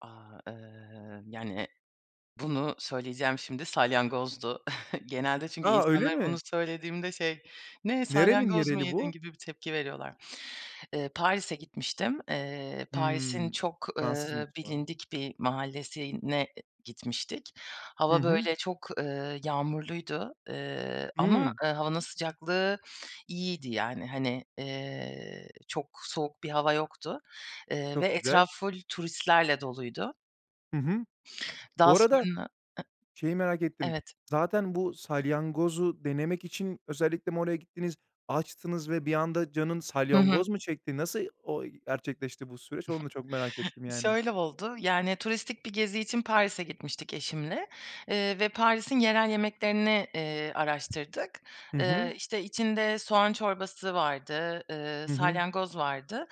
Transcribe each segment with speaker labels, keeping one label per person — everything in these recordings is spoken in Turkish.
Speaker 1: Aaa, ııı, yani, e bunu söyleyeceğim şimdi, salyangozdu. Genelde çünkü
Speaker 2: A, öyle
Speaker 1: insanlara bunu
Speaker 2: mi?
Speaker 1: söylediğimde şey, Ne,
Speaker 2: Nerenin
Speaker 1: salyangoz mu
Speaker 2: yereli
Speaker 1: yedin?
Speaker 2: bu?
Speaker 1: gibi bir tepki veriyorlar. Iıı, Paris'e gitmiştim. Iıı, Paris'in
Speaker 2: Hımm,
Speaker 1: çok,
Speaker 2: Fransız
Speaker 1: ııı,
Speaker 2: mutfağı.
Speaker 1: bilindik bir mahallesine gitmiştik.
Speaker 2: Hı
Speaker 1: Hava
Speaker 2: hı.
Speaker 1: böyle çok, ııı, yağmurluydu. Iıı, ama,
Speaker 2: Hımm.
Speaker 1: ııı, havanın sıcaklığı iyiydi yani. Hani, eee, çok soğuk bir hava yoktu. Eee, ve
Speaker 2: Çok güzel.
Speaker 1: etraf full turistlerle doluydu.
Speaker 2: Hı hı.
Speaker 1: Daha
Speaker 2: Bu arada,
Speaker 1: sonra
Speaker 2: şeyi merak
Speaker 1: I
Speaker 2: ettim.
Speaker 1: evet.
Speaker 2: Zaten bu salyangozu denemek için, özellikle mi oraya gittiniz? Açtınız ve bir anda canın
Speaker 1: Hı hı.
Speaker 2: salyangoz mu çekti? Nasıl, o, gerçekleşti bu süreç? Onu da çok merak ettim yani.
Speaker 1: Şöyle oldu. Yani turistik bir gezi için Paris'e gitmiştik eşimle. Iıı ve Paris'in yerel yemeklerini, iii, araştırdık.
Speaker 2: Hı
Speaker 1: Iıı,
Speaker 2: hı.
Speaker 1: işte içinde soğan çorbası vardı, ııı,
Speaker 2: Hı hı.
Speaker 1: salyangoz vardı.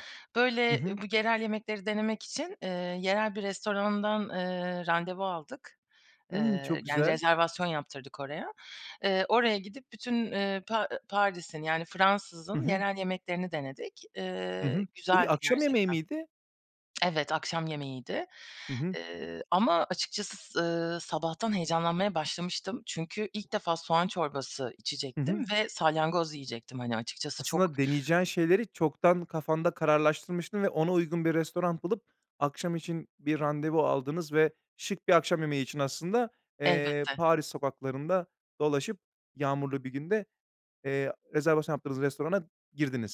Speaker 2: Hı
Speaker 1: Böyle, ııı,
Speaker 2: hı.
Speaker 1: bu yerel yemekleri denemek için, ııı, yerel bir restorandan, ııı, randevu aldık;
Speaker 2: Hımm,
Speaker 1: ııı,
Speaker 2: çok
Speaker 1: yani
Speaker 2: güzel.
Speaker 1: rezervasyon yaptırdık oraya. Iıı, oraya gidip bütün, ııı, Pa ııı, Paris'in, yani
Speaker 2: Hı
Speaker 1: Fransız'ın
Speaker 2: hı.
Speaker 1: yerel yemeklerini denedik.
Speaker 2: Hı
Speaker 1: Iıı,
Speaker 2: hı. Bu bir
Speaker 1: güzeldi
Speaker 2: akşam yemeği
Speaker 1: gerçekten.
Speaker 2: miydi?
Speaker 1: Evet, akşam yemeğiydi.
Speaker 2: Hı hı.
Speaker 1: Iıı, ama açıkçası, ııı, sabahtan heyecanlanmaya başlamıştım. Çünkü ilk defa soğan çorbası
Speaker 2: Hı
Speaker 1: içecektim
Speaker 2: hı.
Speaker 1: ve salyangoz yiyecektim. Hani açıkçası çok
Speaker 2: Aslında deneyeceğin şeyleri çoktan kafanda kararlaştırmıştın ve ona uygun bir restoran bulup, akşam için bir randevu aldınız ve şık bir akşam yemeği için, aslında, eee,
Speaker 1: Elbette.
Speaker 2: Paris sokaklarında dolaşıp, yağmurlu bir günde, eee, rezervasyon yaptığınız restorana girdiniz.